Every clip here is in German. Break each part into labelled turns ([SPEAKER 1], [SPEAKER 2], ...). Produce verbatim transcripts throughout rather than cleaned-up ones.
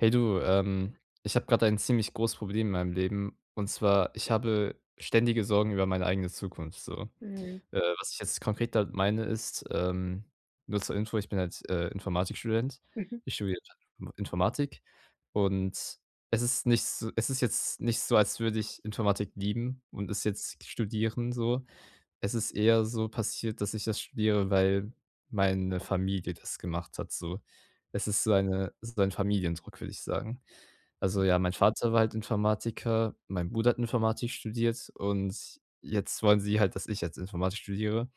[SPEAKER 1] Hey du, ähm, ich habe gerade ein ziemlich großes Problem in meinem Leben. Und zwar, ich habe ständige Sorgen über meine eigene Zukunft so.
[SPEAKER 2] Mhm.
[SPEAKER 1] Äh, was ich jetzt konkret damit meine ist, ähm nur zur Info, ich bin halt, äh, Informatikstudent.
[SPEAKER 2] Mhm.
[SPEAKER 1] Ich studiere [unintelligible] Informatik und es ist nicht s es ist jetzt nicht so, als würde ich Informatik lieben und es jetzt studieren, so. Es ist eher so passiert, dass ich das studiere, weil meine Familie das gemacht hat, so. Es ist so eine ist ein Familiendruck, würde ich sagen. Also ja, mein Vater war halt Informatiker, mein Bruder hat Informatik studiert und jetzt wollen sie halt, dass ich jetzt Informatik studiere.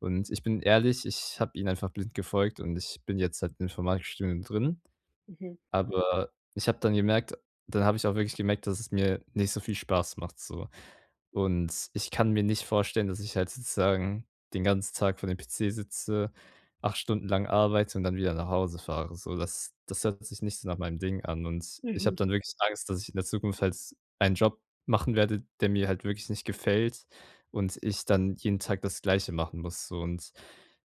[SPEAKER 1] Und ich bin ehrlich, ich habe ihnen einfach blind gefolgt und ich bin jetzt halt im Informatikstudium drin,
[SPEAKER 2] Mhm.
[SPEAKER 1] aber ich habe dann gemerkt dann habe ich auch wirklich gemerkt, dass es mir nicht so viel Spaß macht so. Und ich kann mir nicht vorstellen, dass ich halt sozusagen den ganzen Tag vor dem PC sitze, acht Stunden lang arbeite und dann wieder nach Hause fahre, so. Das das hört sich nicht so nach meinem Ding an. Und ich
[SPEAKER 2] Mhm.
[SPEAKER 1] habe dann wirklich Angst, dass ich in der Zukunft halt einen Job machen werde, der mir halt wirklich nicht gefällt und ich dann jeden Tag das Gleiche machen muss. So und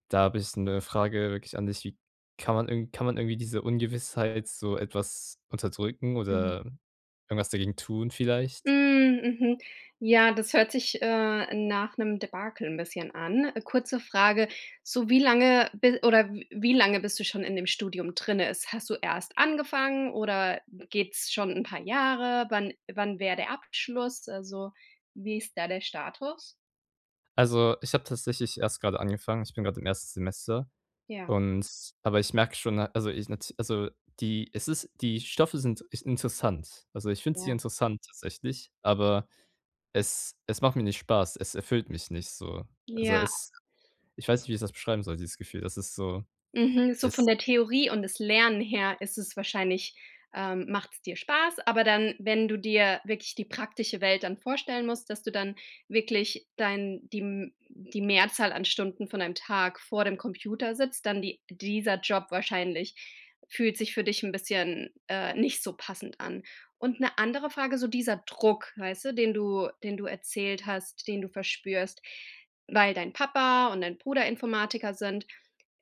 [SPEAKER 1] da habe ich 'ne Frage wirklich an dich, wie kann man irgend kann man irgendwie diese Ungewissheit so etwas unterdrücken
[SPEAKER 2] Mhm.
[SPEAKER 1] oder irgendwas dagegen tun vielleicht?
[SPEAKER 2] Hm, mhm. Ja, das hört sich, äh, nach 'nem Debakel 'n bisschen an. Kurze Frage, so wie lange bi oder w wie lange bist du schon in dem Studium drinnen? Ist hast du erst angefangen oder geht's schon 'n paar Jahre? Wann wann wäre der Abschluss? Also, wie ist da der Status?
[SPEAKER 1] Also, ich habe tatsächlich erst gerade angefangen, ich bin gerade im ersten Semester
[SPEAKER 2] Ja.
[SPEAKER 1] und aber ich merke schon, na also, ich nat also, die es ist die Stoffe sind ich interessant. Also, ich finde sie
[SPEAKER 2] Ja.
[SPEAKER 1] interessant tatsächlich, aber es es macht mir nicht Spaß. Es erfüllt mich nicht, so. Also,
[SPEAKER 2] Ja.
[SPEAKER 1] es ich weiß nicht, wie ich das beschreiben soll dieses Gefühl, das ist so,
[SPEAKER 2] Mhm, so
[SPEAKER 1] es
[SPEAKER 2] von der Theorie und das Lernen her ist es wahrscheinlich, ähm macht es dir Spaß. Aber dann, wenn du dir wirklich die praktische Welt dann vorstellen musst, dass du dann wirklich dein die m die Mehrzahl an Stunden von deinem Tag vor dem Computer sitzt, dann die dieser Job wahrscheinlich fühlt sich für dich 'n bisschen, äh, nicht so passend an. Und 'ne andere Frage, so dieser Druck, weißt du, den du den du erzählt hast, den du verspürst, weil dein Papa und dein Bruder Informatiker sind.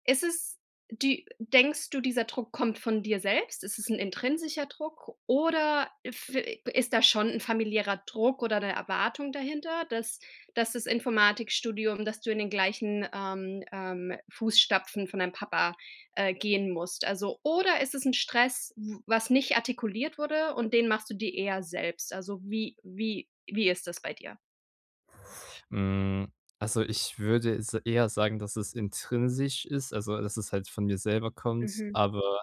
[SPEAKER 2] Ist es die denkst du, dieser Druck kommt von dir selbst? Ist es 'n intrinsischer Druck oder f äh, g ist da schon 'n familiärer Druck oder 'ne Erwartung dahinter, dass dass das Informatikstudium dass du in den gleichen, ähm, ähm, Fußstapfen von deinem Papa, äh, gehen musst? Also oder ist das 'n Stress, w was nicht artikuliert wurde und den machst du dir eher selbst? Also, wie wie wie ist das bei dir?
[SPEAKER 1] Hm, also, ich würde s eher sagen, dass es intrinsisch ist, also, dass es halt von mir selber kommt,
[SPEAKER 2] Mhm.
[SPEAKER 1] aber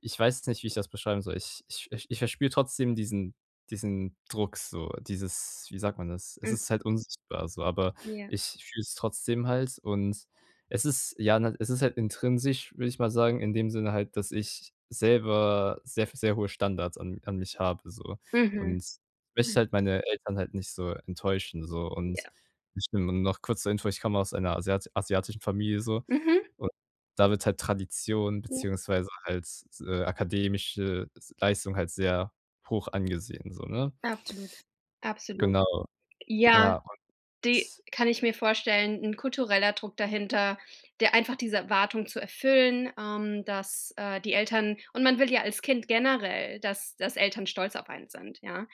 [SPEAKER 1] ich weiß jetzt nicht, wie ich das beschreiben soll. Ich ich ich verspüre trotzdem diesen diesen Druck so, dieses wie sagt man das? Es
[SPEAKER 2] Mhm.
[SPEAKER 1] ist halt unsichtbar so, aber
[SPEAKER 2] Ja.
[SPEAKER 1] ich fühle es trotzdem halt und es ist ja, ne, es ist halt intrinsisch, würde ich mal sagen, in dem Sinne halt, dass ich selber sehr f sehr hohe Standards an an mich habe so.
[SPEAKER 2] Mhm.
[SPEAKER 1] Und ich möchte halt meine Eltern halt nicht so enttäuschen, so und
[SPEAKER 2] Ja.
[SPEAKER 1] ich n noch kurz zur Info, ich komme aus einer asiat asiatischen Familie so.
[SPEAKER 2] Mhm.
[SPEAKER 1] Und da wird halt Tradition
[SPEAKER 2] Ja.
[SPEAKER 1] beziehungsweise halt, äh, akademische s Leistung halt sehr hoch angesehen, so, ne?
[SPEAKER 2] Absolut, absolut.
[SPEAKER 1] Genau.
[SPEAKER 2] Ja,
[SPEAKER 1] Ja,
[SPEAKER 2] die
[SPEAKER 1] und
[SPEAKER 2] kann ich mir vorstellen, 'n kultureller Druck dahinter, der einfach diese Erwartung zu erfüllen, ähm, dass, äh, die Eltern und man will ja als Kind generell, dass dass Eltern stolz auf einen sind. Ja,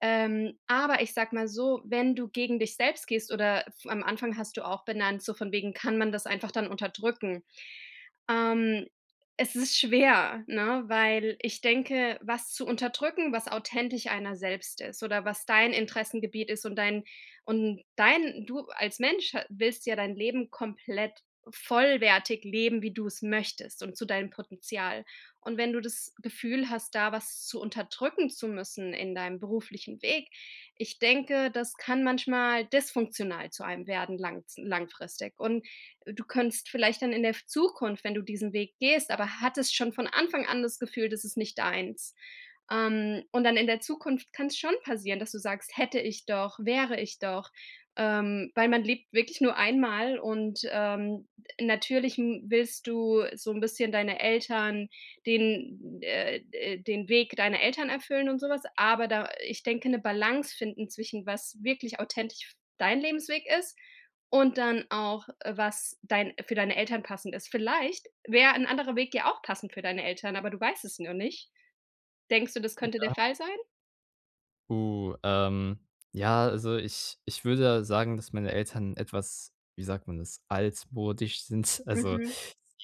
[SPEAKER 2] ähm, aber ich sage mal so, wenn du gegen dich selbst gehst oder f am Anfang hast du auch benannt, so von wegen: Kann man das einfach dann unterdrücken? Ähm, es ist schwer, ne, weil ich denke, was zu unterdrücken, was authentisch einer selbst ist oder was dein Interessengebiet ist und dein und dein du als Mensch, äh, willst ja dein Leben komplett vollwertig leben, wie du es möchtest und zu deinem Potenzial. Und wenn du das Gefühl hast, da was zu unterdrücken zu müssen in deinem beruflichen Weg. Ich denke, das kann manchmal dysfunktional zu einem werden langz langfristig. Und du könntest vielleicht dann in der f Zukunft, wenn du diesen Weg gehst, aber hattest schon von Anfang an das Gefühl, das ist nicht deins. Ähm, und dann in der Zukunft kann es schon passieren, dass du sagst: „Hätte ich doch, wäre ich doch“, ähm, weil man lebt wirklich nur einmal. Und, ähm, natürlich n willst du so 'n bisschen deine Eltern den äh, äh, den Weg deiner Eltern erfüllen und sowas. Aber da, äh ich denke, 'ne Balance finden zwischen, was wirklich authentisch f dein Lebensweg ist und dann auch, äh, was dein für deine Eltern passend ist. Vielleicht wäre 'n anderer Weg ja auch passend für deine Eltern, aber du weißt es nur nicht. Denkst du, das könnte der
[SPEAKER 1] Ja.
[SPEAKER 2] Fall sein?
[SPEAKER 1] Uh, ähm, ja, also, ich ich würde sagen, dass meine Eltern etwas- wie sagt man das- altmodisch sind. Also,
[SPEAKER 2] Mhm.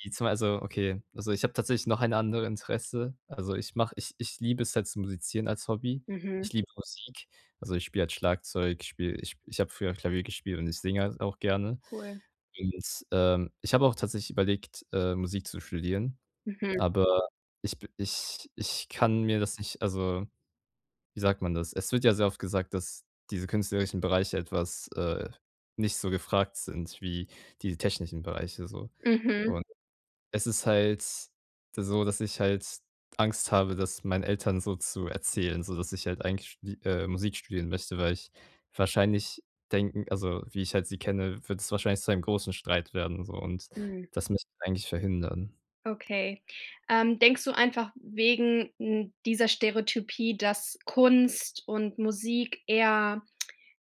[SPEAKER 1] die zwei so okay. Also, ich habe tatsächlich noch ein andere Interesse. Also, ich mache ich ich liebe es halt zu musizieren als Hobby.
[SPEAKER 2] Mhm.
[SPEAKER 1] Ich liebe Musik. Also, ich spiele halt Schlagzeug, ich spiele ich ich habe früher Klavier gespielt und ich singe auch gerne.
[SPEAKER 2] Cool.
[SPEAKER 1] Und, ähm, ich habe auch tatsächlich überlegt, äh, Musik zu studieren,
[SPEAKER 2] Mhm.
[SPEAKER 1] aber ich b ich ich kann mir das nicht also, wie sagt man das? Es wird ja sehr oft gesagt, dass diese künstlerischen Bereiche etwas, äh, nicht so gefragt sind wie die technischen Bereiche so
[SPEAKER 2] Mhm.
[SPEAKER 1] und es ist halt so, dass ich halt Angst habe, das meinen Eltern so zu erzählen, so dass ich halt eigentlich die, äh, Musik studieren möchte, weil ich wahrscheinlich denken also, wie ich halt sie kenne, wird es wahrscheinlich zu einem großen Streit werden, so und
[SPEAKER 2] Hm.
[SPEAKER 1] das möchte eigentlich verhindern.
[SPEAKER 2] Okay. Ähm, denkst du einfach wegen, hm, dieser Stereotypie, dass Kunst und Musik eher,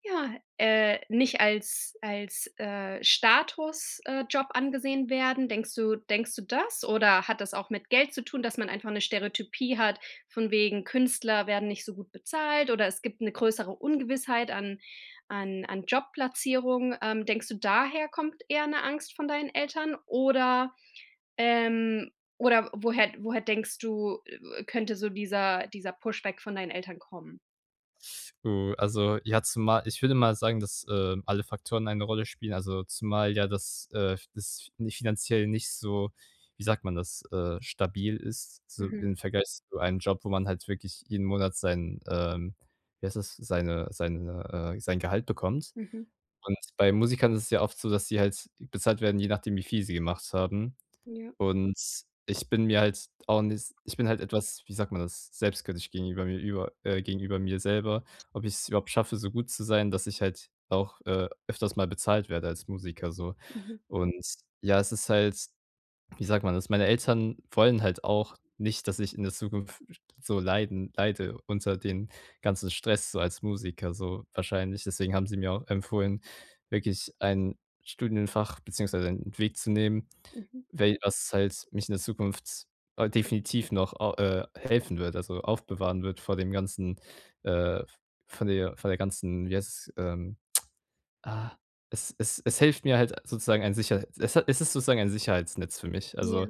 [SPEAKER 2] ja, äh, nicht als als, äh, Status äh, Job angesehen werden? Denkst du denkst du das? Oder hat das auch mit Geld zu tun, dass man einfach 'ne Stereotypie hat von wegen Künstler werden nicht so gut bezahlt, oder es gibt 'ne größere Ungewissheit an an an Jobplatzierung. Ähm, denkst du, daher kommt eher 'ne Angst von deinen Eltern, oder ähm oder woher woher denkst du, äh, äh, könnte so dieser dieser Pushback von deinen Eltern kommen?
[SPEAKER 1] Oh, also, ja, zumal ich würde mal sagen, dass, ähm, alle Faktoren eine Rolle spielen, also, zumal ja das, äh, f das nicht finanziell nicht so, wie sagt man das, äh stabil ist, so
[SPEAKER 2] Mhm.
[SPEAKER 1] im Vergleich zu einem Job, wo man halt wirklich jeden Monat sein, ähm, wie heißt das, seine seine, äh sein Gehalt bekommt.
[SPEAKER 2] Mhm.
[SPEAKER 1] Und bei Musikern ist es ja oft so, dass sie halt bezahlt werden, je nachdem, wie viel sie gemacht haben.
[SPEAKER 2] Ja.
[SPEAKER 1] Und ich bin mir halt auch ni ich bin halt etwas, wie sagt man das, selbstkritisch gegenüber mir über, äh gegenüber mir selber, ob ich es überhaupt schaffe, so gut zu sein, dass ich halt auch, äh, öfters mal bezahlt werde als Musiker so.
[SPEAKER 2] Mhm.
[SPEAKER 1] Und ja, es ist halt, wie sagt man das meine Eltern wollen halt auch nicht, dass ich in der Zukunft f so leiden leide unter den ganzen Stress so als Musiker so wahrscheinlich. Deswegen haben sie mir auch empfohlen, wirklich ein Studienfach beziehungsweise einen Weg zu nehmen,
[SPEAKER 2] Mhm.
[SPEAKER 1] we was halt mich in der Zukunft, äh, definitiv noch, ah, äh, helfen wird, also, aufbewahren wird vor dem ganzen, äh, v von der von der ganzen wie heißt, ähm, ah es es es hilft mir halt sozusagen ein Sicherheit es ha es ist sozusagen ein Sicherheitsnetz für mich.
[SPEAKER 2] Ja.
[SPEAKER 1] Also,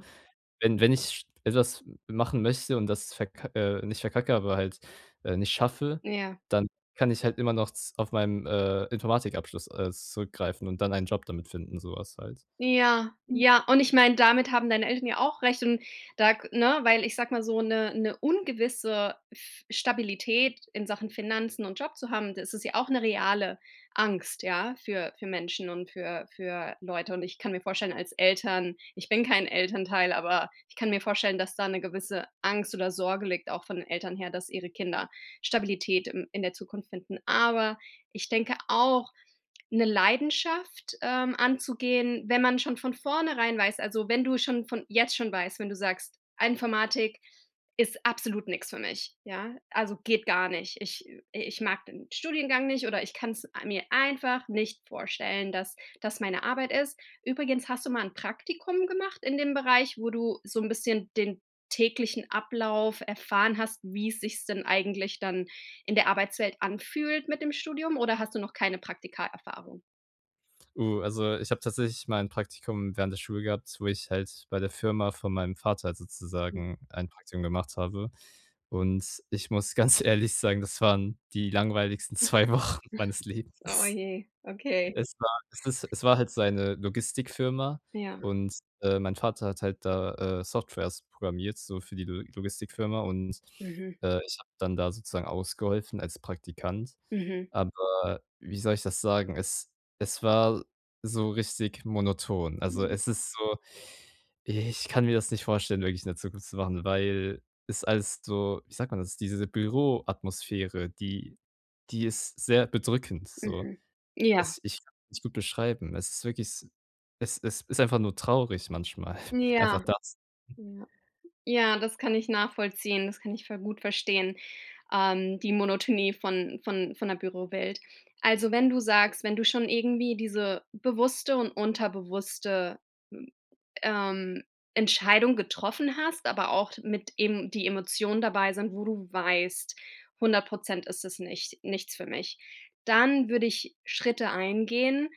[SPEAKER 1] wenn wenn ich etwas machen möchte und das verk äh, nicht verkacke, aber halt, äh, nicht schaffe,
[SPEAKER 2] Ja.
[SPEAKER 1] dann kann ich halt immer noch z auf meinen, äh, Informatikabschluss, äh, zurückgreifen und dann einen Job damit finden, sowas halt.
[SPEAKER 2] Ja, ja. Und ich meine, damit haben deine Eltern ja auch recht. Und da g ne, weil ich sage mal so 'ne 'ne ungewisse F Stabilität in Sachen Finanzen und Job zu haben, das ist ja auch 'ne reale Angst, ja, für für Menschen und für für Leute. Und ich kann mir vorstellen, als Eltern ich bin kein Elternteil, aber ich kann mir vorstellen, dass da 'ne gewisse Angst oder Sorge liegt, auch von den Eltern her, dass ihre Kinder Stabilität im in der Zukunft finden. Aber ich denke auch 'ne Leidenschaft, ähm, anzugehen, wenn man schon von vornherein weiß, also, wenn du schon von jetzt schon weißt, wenn du sagst: „Informatik ist absolut nix für mich. Ja, also, geht gar nicht. Ich I ich mag den Studiengang nicht, oder ich kann's mir einfach nicht vorstellen, dass das meine Arbeit ist.” Übrigens, hast du mal 'n Praktikum gemacht in dem Bereich, wo du so 'n bisschen den täglichen Ablauf erfahren hast, wie sich's denn eigentlich dann in der Arbeitswelt anfühlt mit dem Studium, oder hast du noch keine Praktika-Erfahrung?
[SPEAKER 1] Oh, also, ich habe tatsächlich mal 'n Praktikum während der Schule gehabt, wo ich halt bei der Firma von meinem Vater halt
[SPEAKER 2] Hm.
[SPEAKER 1] sozusagen ein Praktikum gemacht habe. Und ich muss ganz ehrlich sagen, das waren die langweiligsten zwei Wochen meines
[SPEAKER 2] Oh
[SPEAKER 1] Lebens.
[SPEAKER 2] je, okay.
[SPEAKER 1] Es war es ist es war halt seine Logistikfirma
[SPEAKER 2] Ja.
[SPEAKER 1] und, äh, mein Vater hat halt da, äh, Softwares programmiert, so für die Lo Logistikfirma und,
[SPEAKER 2] Mhm.
[SPEAKER 1] äh, ich habe dann da sozusagen ausgeholfen als Praktikant.
[SPEAKER 2] Mhm.
[SPEAKER 1] Aber wie soll ich das sagen, es es war so richtig monoton. Also,
[SPEAKER 2] Mhm.
[SPEAKER 1] es ist so ich kann mir das nicht vorstellen, wirklich in der Zukunft zu machen, weil es alles so, wie sagt man das, diese Büroatmosphäre, die die ist sehr bedrückend, so.
[SPEAKER 2] Mhm. Ja.
[SPEAKER 1] Es ich [unintelligible] nicht gut beschreiben. Es ist wirklich s es ist ist einfach nur traurig, manchmal. Einfach
[SPEAKER 2] Ja.
[SPEAKER 1] das
[SPEAKER 2] Ja. Ja, das kann ich nachvollziehen, das kann ich ver gut verstehen, ähm, die Monotonie von von von der Bürowelt. Also, wenn du sagst, wenn du schon irgendwie diese bewusste und unterbewusste m ähm, Entscheidung getroffen hast, aber auch mit eben die Emotionen dabei sind, wo du weißt, hundert Prozent ist es nicht nichts für mich. Dann würde ich Schritte eingehen,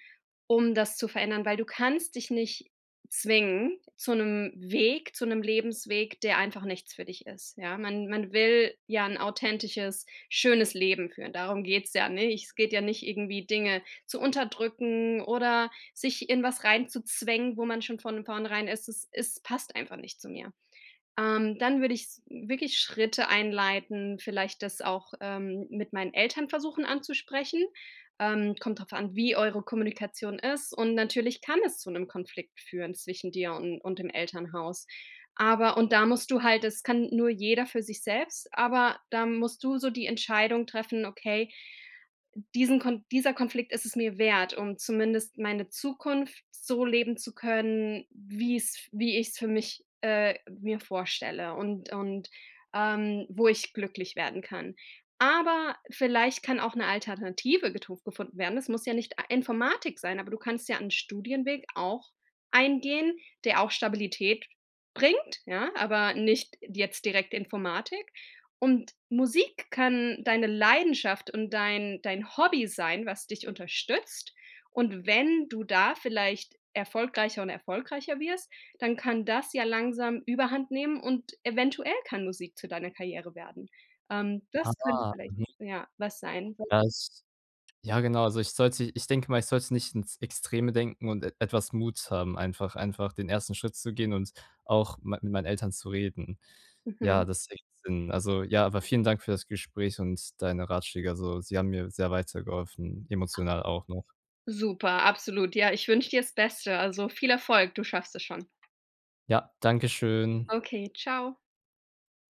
[SPEAKER 2] um das zu verändern, weil du kannst dich nicht zwingen zu 'nem Weg zu 'nem Lebensweg, der einfach nichts für dich ist, ja. Man man will ja 'n authentisches, schönes Leben führen. Darum geht's ja, ne? Es geht ja nicht irgendwie Dinge zu unterdrücken oder sich in was rein zu zwängen, wo man schon von vornherein es ist es passt einfach nicht zu mir. Ähm, dann würde ich s wirklich Schritte einleiten, vielleicht das auch, ähm, mit meinen Eltern versuchen anzusprechen. Ähm, kommt drauf an, wie eure Kommunikation ist und natürlich kann es zu 'nem Konflikt führen zwischen dir und und dem Elternhaus. Aber und da musst du halt das kann nur jeder für sich selbst, aber da musst du so die Entscheidung treffen: „Okay, diesen Kon dieser Konflikt ist es mir wert, um zumindest meine Zukunft so leben zu können, wie es wie ich es für mich, äh, mir vorstelle und und, ähm, wo ich glücklich werden kann.“ Aber vielleicht kann auch 'ne Alternative getu gefunden werden. Es muss ja nicht a Informatik sein, aber du kannst ja 'n Studienweg auch eingehen, der auch Stabilität bringt. Ja, aber nicht jetzt direkt Informatik und Musik kann deine Leidenschaft und dein dein Hobby sein, was dich unterstützt. Und wenn du da vielleicht erfolgreicher und erfolgreicher wirst, dann kann das ja langsam überhandnehmen. Und eventuell kann Musik zu deiner Karriere werden. Ähm, das könnte
[SPEAKER 1] Aha,
[SPEAKER 2] vielleicht,
[SPEAKER 1] mhm.
[SPEAKER 2] ja, was sein, was
[SPEAKER 1] Das ja genau. Also, ich sollte ich denke mal, ich sollte es nicht ins Extreme denken und e etwas Mut haben, einfach einfach den ersten Schritt zu gehen und auch m mit meinen Eltern zu reden. Ja,
[SPEAKER 2] Mhm.
[SPEAKER 1] das ergibt Sinn. Also, ja, aber vielen Dank für das Gespräch und deine Ratschläge. Also, sie haben mir sehr weitergeholfen, emotional auch noch.
[SPEAKER 2] Super. Absolut. Ja. Ich wünsche dir das Beste. Also, viel Erfolg. Du schaffst das schon.
[SPEAKER 1] Ja, Dankeschön.
[SPEAKER 2] Okay, tschau.